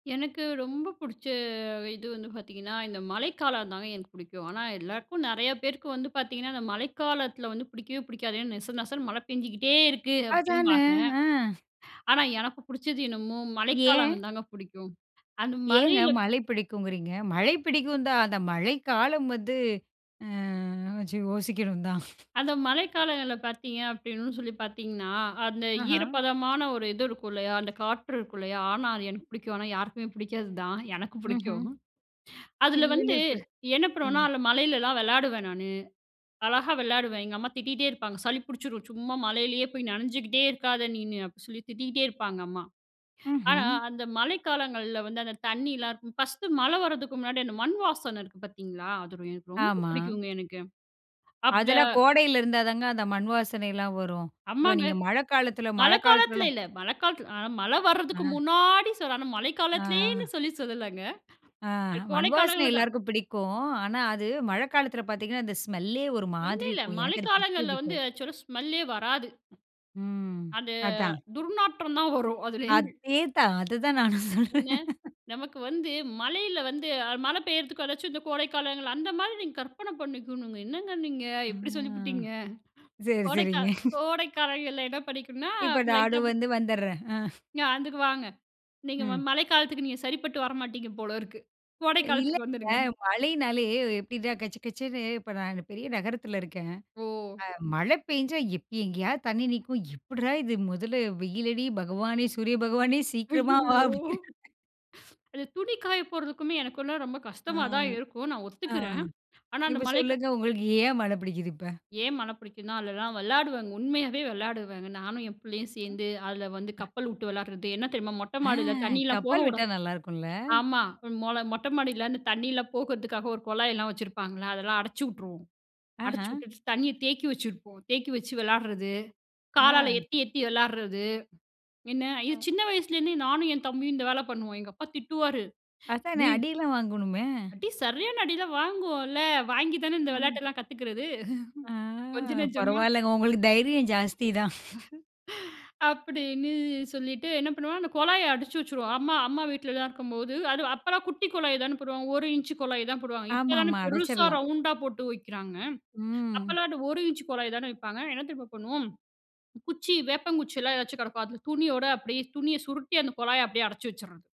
எனக்கு ரொம்ப புடிச்ச இது வந்து பாத்தீங்கன்னா, இந்த மழைக்காலம்தாங்க எனக்கு பிடிக்கும். ஆனா, எல்லாருக்கும் நிறையா பேருக்கு வந்து பாத்தீங்கன்னா அந்த மழைக்காலத்துல வந்து பிடிக்கவே பிடிக்காது ஏன்னா நெச நெசனு மழை பெஞ்சுகிட்டே இருக்கு அதான, அப்படிம்பாங்க. ஆ. ஆனா எனக்கு புடிச்சது என்னமோ ஏன்? மழைக்காலம் தாங்க புடிக்கும் அந்த ஏங்க மழையில மழை பிடிக்குங்குறீங்க? மழை பிடிக்கும் தான் அந்த மழைக்காலம் வந்து ம் கொஞ்சம் யோசிக்கணும் தான். அந்த மழைக்காலங்கள்ல பார்த்தீங்க அப்படின்னு சொல்லி பார்த்தீங்கன்னா, அந்த ஆஹ. ஈரப்பதமான ஒரு இது இருக்கும் இல்லையா அந்த காற்று இருக்கும் இல்லையா ஆனா அது எனக்கு புடிக்கும். ஆனா யாருக்குமே புடிக்காதுதான், எனக்கு ம்ஹ்ம். பிடிக்கும். அதுல வந்து [unintelligible] என்ன பண்ணுவோன்னா ம். அதுல மழையிலலாம் விளையாடுவேன் நானு. அழகா விளையாடுவேன். எங்க அம்மா திட்டிகிட்டே இருப்பாங்க. "சளி பிடிச்சிடும் சும்மா மழையிலேயே போய் நனைஞ்சுகிட்டே இருக்காத நீனு"அப்படி சொல்லி திட்டிகிட்டே இருப்பாங்க அம்மா. ஆனா ம்ஹ்ம். அந்த மழை காலங்கள்ல வந்து அந்த தண்ணியலாம் இருக்கும், ஃபர்ஸ்ட்டு, மழை வரதுக்கு முன்னாடி அந்த மண் வாசனை இருக்கு பார்த்தீங்களா! அது எனக்கு ரொம்ப ஆமா. பிடிக்குங்க எனக்கு. அப்ப அதெல்லாம் கோடையில இருந்தா தாங்க அந்த மண் வாசனையெல்லாம் வரும். இப்ப ஆமாங்க. நீங்க மழைக்காலத்துல மழை காலத்துல மழைக்காலத்துலலாம் இல்ல. மழை காலத்துல ஆ மழை வர்றதுக்கு அ. முன்னாடி சொல்றேன். ஆனா, மழை காலத்துலயேன்னு ஆ. சொல்லி சொல்லலங்க. ஆ, அ கோடை மண்வாசனை காலங்கள்ல தான். எல்லோருக்கும் பிடிக்கும். ஆனா அது மழைக்காலத்துல பார்த்தீங்கன்னா அந்த ஸ்மெல்லே ஒரு இல்ல மாதிரி இல்ல. இருக்கும். மழை எனக்கு அது பிடிக்கவே காலங்கள்ல வந்து பிடிக்காது. ஆக்சுவலா ஸ்மெல்லே வராது. ம், அது அதான். துர்நாற்றம் தான் வரும் அதுலேந்து. அதே தான்! அததான் நானும் சொல்றேன். என்ன, நமக்கு வந்து மழையில வந்து மழை பெய்யிறதுக்கு எதாச்சும் இந்த கோடைக்காலங்கள் அந்த மாரி நீங்க கற்பனை பண்ணிக்கணுங்க, என்னங்க நீங்க ஆ! எப்படி சொல்லிப்புட்டீங்க! சரி, கோடைக்கா சரிங்க. கோடைக்காலங்கள்ல என்ன பண்ணிக்கணும்னா இப்போ லைட்டா நானும் [unintelligible] வந்து வந்துறேன். ஆ, அதுக்கு வாங்க. நீங்க ம ம். மழைக்காலத்துக்கு நீங்க சரிப்பட்டு வர மாட்டீங்க போல இருக்கு. கோடை இல்லைங்க காலத்துக்கு வந்துடுங்க. மழைன்னாலே எப்படின்னா கசகசன்னு இப்ப நா இங்க பெரிய நகரத்துல இருக்கேன். ஓ! ஆ மழை பேஞ்சா எப்ப எங்கேயாவது தண்ணீ நிக்கும் எப்படிரா இது முதல்ல வெயிலடி பகவானே சூரிய பகவானே சீக்கிரமா வா அய்யயோ! அப்டி. [unintelligible] அது துணி காயப் போறதுக்குமே எனக்குல்லாம் ரொம்ப ஆ, கஷ்டமா தான் இருக்கும். நான் ஆ ஒத்துக்கிறேன். ஆனா அந்த இப்போ மலைக்க சொல்லுங்க! உங்களுக்கு ஏன் மழை பிடிக்குது இப்ப? ஏன் மழை பிடிக்குன்னா அதுலெல்லாம் விளையாடுவங்க! உண்மையாவே விளையாடுவங்க. நானும் என் புள்ளையும் சேந்து அதுல வந்து கப்பல் உட்டு விளையாடுறது. என்ன தெரியுமா, மொட்டை ஆ! மாடியில தண்ணியலாம் கப்பல் போகவுட விட்டா நல்லா இருக்கும்ல! ஆமா! மொல மொட்டை மாடியில அந்த தண்ணியெல்லாம் போகுறதுக்காக ஒரு குழாய்லாம் வச்சுருப்பாங்கல்ல! அதெல்லாம் அடைச்சிவுட்டுருவோம். ஆஹ. அடச்சிவுட்டுட்டு தண்ணியை தேக்கி வச்சிருப்போம். தேக்கி வச்சு விளையாடுறது, காலால ஆ. எத்தி எத்தி விளாடுறது. என்ன, ஆ. அய்யோ! சின்ன வயசுலேருந்தே நானும் என் தம்பியும் இந்த வேலை பண்ணுவோம். எங்க அப்பா திட்டுவாரு. அதானே டேய் அடியெல்லாம் வாங்கோணுமே! அடி சரியான அடி எல்லாம் வாங்குவோம்ல! வாங்கி தானே இந்த ம். விளையாட்டு எல்லாம் கத்துக்குறது. ஆ, கொஞ்ச நஞ்சமா பரவாயில்லங்க உங்களுக்கு தைரியம் ஜாஸ்திதான். அப்படின்னு சொல்லிட்டு என்ன பண்ணுவோம் அந்த குழாய அடச்சு வச்சுருவோம். அம்மா அம்மா வீட்டிலலாம் இருக்கும்போது அது அப்போலாம் குட்டி குழாய் தானே போடுவாங்க 1 இஞ்ச் குழாய் தான் போடுவாங்க. ஆமா, இப்போதானே ஆமா, பெருசா, அடைச்சிரலாம். ரவுண்டா போட்டு வைக்குறாங்க. ம். அப்போலாம் அந்த 1 இஞ்ச் குழாய் தானே வைப்பாங்க. என்ன தெரியுமா பண்ணுவோம்! குச்சி வேப்பங்குச்சிலாம் எதாச்சும் கெடக்கும். அதுல துணியோட அப்படியே துணியை சுருட்டி அந்த குழாய அப்படியே அடைச்சு வச்சுட்றது.